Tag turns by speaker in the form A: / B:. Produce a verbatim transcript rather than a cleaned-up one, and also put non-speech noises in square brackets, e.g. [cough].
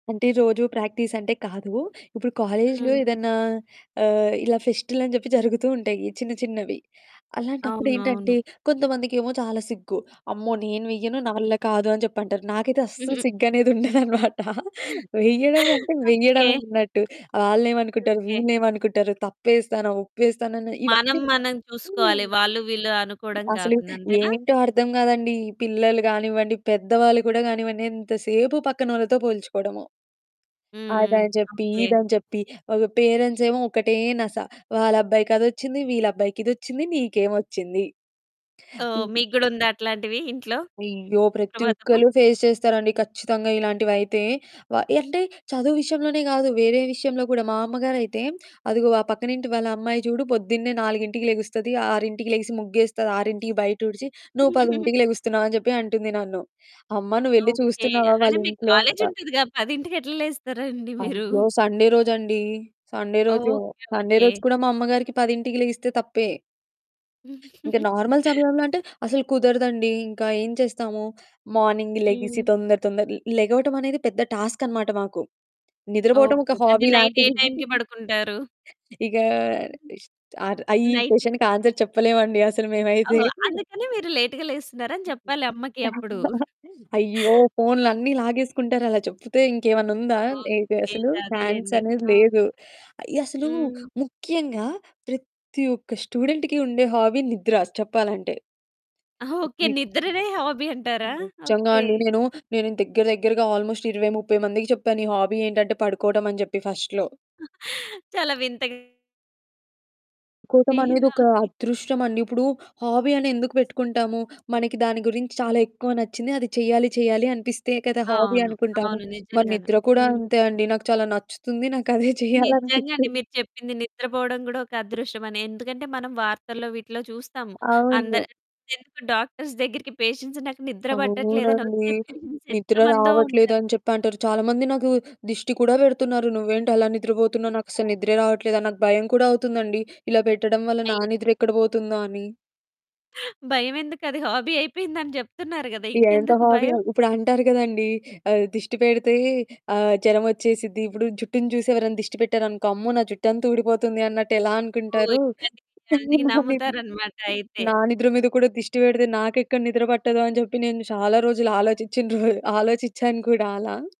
A: అంటే రోజు ప్రాక్టీస్ అంటే కాదు. ఇప్పుడు కాలేజులో
B: హ్మ్.
A: ఏదన్నా ఆహ్, ఇలా ఫెస్టులని జెప్పి జరుగుతూ ఉంటాయి చిన్న చిన్నవి. అలాంటప్పుడేంటంటే
B: అవునవును.
A: కొంతమందికేమో చాలా సిగ్గు. "అమ్మో! నేను వెయ్యను. నా
B: హ్మ్.
A: వల్ల కాదు" అని జెప్పంటారు. నాకైతే అస్సలు
B: [giggles]
A: సిగ్గనేది ఉండదనమాట. వెయ్యడమంకటే
B: ఓకే.
A: వెయడమే ఉన్నట్టు. ఆళ్ళేమనుకుంటారు?
B: ఓకేే.
A: వీళ్ళేమనుకుంటారు తప్పేస్తానా ఒప్పేస్తానాని
B: మనం
A: ఇవన్నీ
B: మనం
A: హ్మ్.
B: చూసుకోవాలి. వాళ్ళు వీళ్ళు అనుకోవడం
A: అసలు
B: గాకుండా. అంతేనా?
A: ఏంటో అర్థం గాదండీ! ఈ పిల్లలు కానివ్వండి, పెద్దవాళ్ళు గూడా గానివ్వండి, ఎంతసేపు పక్కనోళ్ళతో పోల్చుకోవడము,
B: హ్మ్.
A: అదని చెప్పి,
B: ఓకే.
A: ఇదని చెప్పి ఒక పేరెంట్సేమో ఒకటే నస. వాళ్ళబ్బాయికి అదొచ్చింది, వీళ్ళబ్బాయికిదొచ్చింది నీకేమొచ్చింది?
B: ఓహ్! మీకు గూడ ఉందా అట్లాంటివి ఇంట్లో?
A: అయ్యో! ప్రతి
B: సుప్రభాతము.
A: ఒక్కళ్ళు ఫేస్ చేస్తారండి ఖచ్చితంగా ఇలాంటివైతే. వ అంటే చదువు విషయంలోనే గాదు, వేరే విషయంలో గూడా. మా అమ్మగారైతే అదిగో వ "పక్కనింటి వాళ్ళ అమ్మాయి చూడు పొద్దున్నే నాలుగింటికి లెగుస్తది. ఆరింటికి లెగిసి ముగ్గేస్తది, ఆరింటికి బయటూడ్చి, నువ్వు
B: [giggles]
A: పదింటికి లెగుస్తున్నావు" అని జెప్పి అంటుంది నన్ను. అమ్మ నువ్వెళ్ళి
B: ఓకే.
A: చూస్తున్నావా
B: అంటే మీకు
A: వాళ్ళింట్లో? అంటా.
B: కాలేజుంటదిగా! పదింటకెట్ల లేస్తారండి మీరు?
A: అయ్యో! సండే రోజండి, సండే రోజు.
B: ఓకే.
A: Sunday
B: okay.
A: రోజు కూడా మా పదింటికి 10కి లెగిస్తే తప్పే. ఇంకా నార్మల్
B: [giggles]
A: సమయంలో అంటే అసలు కుదరదండి. ఇంకా ఏం చేస్తాము? మార్నింగ్ లెగిసి
B: హ్మ్.
A: తొందర తొందర లెగవటమనేది పెద్ద టాస్క్ అనమాట మాకు. నిద్రపోవటం
B: ఓకే.
A: ఒక
B: ఓకే. అంటే
A: హాబీ
B: నైట్ ఏ
A: లాంటిది. [chuckles]
B: టైంకి పడుకుంటారు?
A: ఇగా ఆహ్,
B: [giggles]
A: ఇష్ ఆహ్, ఈ
B: నైట్.
A: క్వషన్‌కి ఆన్సర్ చెప్పలేమండి అసలు మేమైతే.
B: ఓహో! అందుకని మీరు లేట్‌గా లేస్తున్నారని
A: [chuckles]
B: జెప్పాలి అమ్మకి అప్పుడు.
A: అయ్యో! ఫోన్లన్నీ లాగేసుకుంటారలా చెప్పుతే ఇంకేమన్నా ఉందా? ఏ
B: ఓకే.
A: అసలు ఛాన్స్
B: అదేలెండి.
A: అనేది
B: ఆ!
A: లేదు. అయ్య! అసలు
B: హ్మ్.
A: ముఖ్యంగా ప్రత్తి ఒక్క స్టూడెంట్‌కి ఉండే హాబీ నిద్ర చెప్పాలంటే. [unintelligible]
B: ఓకే. నిద్రనే హాబీ అంటారా?
A: నిజ్జంగా
B: ఓకే.
A: అండి. నేను నేను దగ్గర దగ్గరగా ఆల్మోస్ట్ ఇరవై ముప్పై మందికి చెప్పాను, "నీ హాబీ ఏంటంటే పడుకోవట" అని చెప్పి ఫస్ట్‌లో.
B: [chuckles] చాలా వింతగా మీ
A: కోపం అనేదొక
B: హాబీ.
A: అదృష్టమండి. ఇప్పుడు హాబీ అని ఎందుకు పెట్టుకుంటాము? మనకి దాని గురించి చాలా ఎక్కువ నచ్చింది. అది చేయాలి చేయాలి అనిపిస్తే కదా! హాబీ
B: అవును.
A: అనుకుంటాము.
B: అవును.
A: మరి
B: నిజంగాను.
A: నిద్ర కూడా
B: హ్మ్.
A: అంతే అండి. నాకు చాలా నచ్చుతుంది. నాకదే
B: నిజంగా అండి.
A: చేయాలనిపిస్తుంది.
B: మీరు చెప్పింది నిద్రపోవడం గూడా ఒక అదృష్టమని. ఎందుకంటే మనం వార్తల్లో వీటిలో చూస్తాము.
A: అవును.
B: అందరి ఎందుకు డాక్టర్స్ దగ్గరికి పేషెంట్స్ నాకు నిద్ర పట్టట్లేదని
A: అవునండి.
B: వచ్చే పేషెంట్స్
A: నిద్ర
B: ఎంతమందో ఉంటారు?
A: రావట్లేదని చెప్పంటారు. చాలామంది నాకు దిష్టి కూడా పెడుతున్నారు. నువ్వేంటలా నిద్రపోతున్నావు? నాకస్సలు నిద్రే రావట్లేదని. నాకు భయం కూడా అవుతుందండి. ఇలా పెట్టడం వల్ల నా
B: అయ్
A: నిద్ర ఎక్కడ పోతుందో అని.
B: భయమెందుకు అది హాబీ అయిపోయిిందిందని జెప్తున్నారు గదా!
A: ఈ ఎంత
B: ఇంకెందుకు
A: హాబీయో,
B: భయం?
A: ఇప్పుడంటారు గదండీ! ఆహ్, దిష్టి పెడితే ఆహ్, జరమొచ్చేసిద్ది. ఇప్పుడు జుట్టుని చూసి ఎవరైనా దిష్టి పెట్టారనుకో అమ్మో! నా జుట్టంతా ఊడిపోతుంది అన్నట్టెలా
B: అబ్బో!
A: అనుకుంటారు? సేమ్
B: ఇట్లాంటియన్నీ
A: అలానే
B: నమ్ముతారనమాటయితే.
A: నా నిద్ర మీద కూడా దిష్టి పెడితే, నాకెక్కడ నిద్ర పట్టదో అని చెప్పి నేను చాలా రోజులు ఆలోచిచ్చిన రోజు ఆలోచిచ్చాను కూడా అలా.